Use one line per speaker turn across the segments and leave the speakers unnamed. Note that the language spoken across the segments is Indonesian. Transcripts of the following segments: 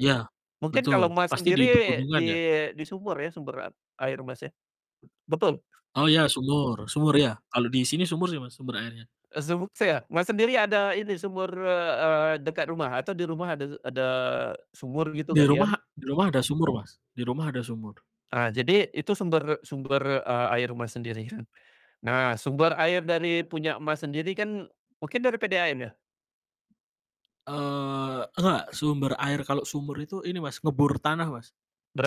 Iya,
Mungkin
betul.
kalau Mas,
Pasti di
sendiri di
pegunungan ya?
di sumur ya, sumber a air Mas, ya? Be betul.
Oh ya, sumur sumur ya, kalau di sini sumur sih Mas, sumber airnya.
Eee, sumuk saya. Mas, sendiri ada ini sumur, eee eee, dekat rumah atau di rumah ada ada sumur gitu,
Di rumah
galian?
di rumah ada sumur Mas, di rumah ada sumur.
Ah, jadi itu sumber sumber a air Mas, sendiri kan? Nah, sumber air dari punya Mas, sendiri kan, mungkin dari PDAM ya?
Eee, enggak, sumber air. Kalau sumur itu, ini Mas, ngebor tanah Mas,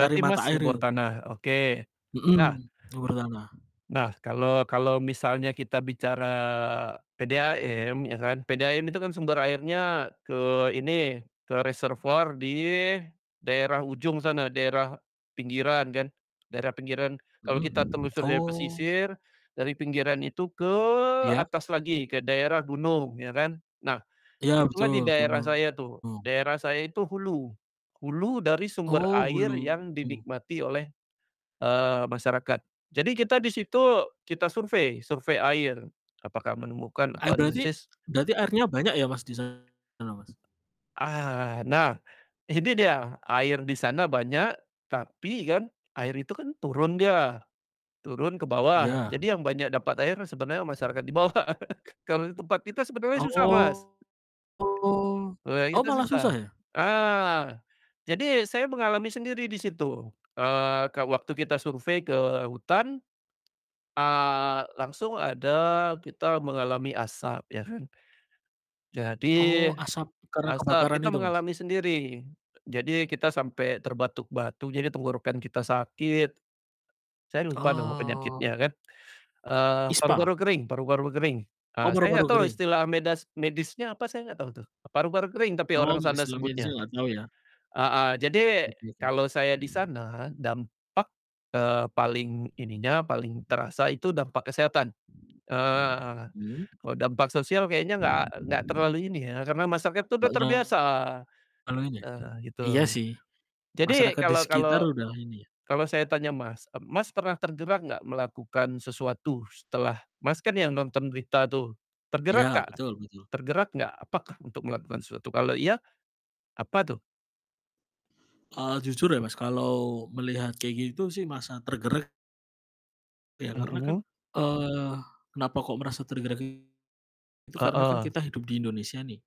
cari mata
Mas,
air
ngebor
itu.
tanah? Oke.
Mhm,
Nah
ngebor tanah.
Nah, kalau kalau misalnya kita bicara PDAM, ya kan. PDAM itu kan sumber airnya ke ini ke reservoir di, daerah ujung sana daerah, pinggiran kan, daerah pinggiran. Kalau kita
Mhm,
telusur dari
oh.
pesisir, dari pinggiran itu ke
Iya.
atas lagi ke daerah gunung, ya kan. Nah,
Iya,
itulah
betul,
di daerah saya tuh,
gunung.
daerah saya itu hulu, hulu dari sumber
Oh,
air
hulu.
yang dinikmati oleh, eee, masyarakat. Jadi kita di situ kita survei survei air, apakah menemukan
Air
atau
berarti
analisis
berarti airnya banyak ya Mas, di sana Mas?
Ah, nah, ini dia, air di sana banyak. Tapi kan, air itu kan turun dia, turun ke bawah,
Iya.
jadi yang banyak dapat air sebenarnya masyarakat di bawah kalau di tempat kita sebenarnya susah, Mas.
Oh
Ah,
oh,
itu
malah susah
susah.
ya?
Ah, jadi saya mengalami sendiri di situ, eee, waktu kita survei ke hutan, ah, langsung ada kita mengalami asap, ya kan. Jadi,
Oh asap, karena
asap,
kebakaran
kita
itu, Mas?
mengalami sendiri. Jadi, kita sampai terbatuk-batuk jadi tenggorokan kita sakit, saya lupa nama
Oh.
penyakitnya kan, eee,
ISPA?
paru-paru kering paru-paru kering, ah,
Oh,
saya nggak
paru-paru
tahu
kering.
istilah medas medisnya apa saya nggak tahu tuh, paru-paru kering tapi
Oh,
orang sana
istilah medisnya
sebutnya.
enggak tahu ya?
Heeh, jadi
Oke oke.
kalau saya di sana dampak, eee, paling ininya paling terasa itu dampak kesehatan, eee,
Mmm.
kalau dampak sosial kayaknya nggak nggak terlalu ini ya, karena masyarakat itu udah
[unintelligible]
terbiasa, nah
Iya
gitu.
sih,
Jadi
masyarakat di
kalau kalau
sekitar udah, ini ya.
kalau saya tanya Mas, e Mas, pernah tergerak nggak melakukan sesuatu setelah Mas, kan yang nonton berita tuh, tergerak
Ya,
nggak
betul betul.
tergerak nggak? Apakah untuk melakukan sesuatu, kalau iya, apa tuh?
Eee, jujur ya Mas, kalau melihat kayak gitu sih, merasa tergerak ya, karena kan,
Mhm.
eee, kenapa kok merasa tergerak? Itu, karena kan
Heeh,
kita hidup di Indonesia nih,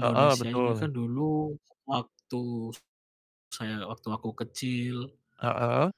Heeh,
ini
betul.
kan dulu, waktu, saya waktu aku kecil
Heeh?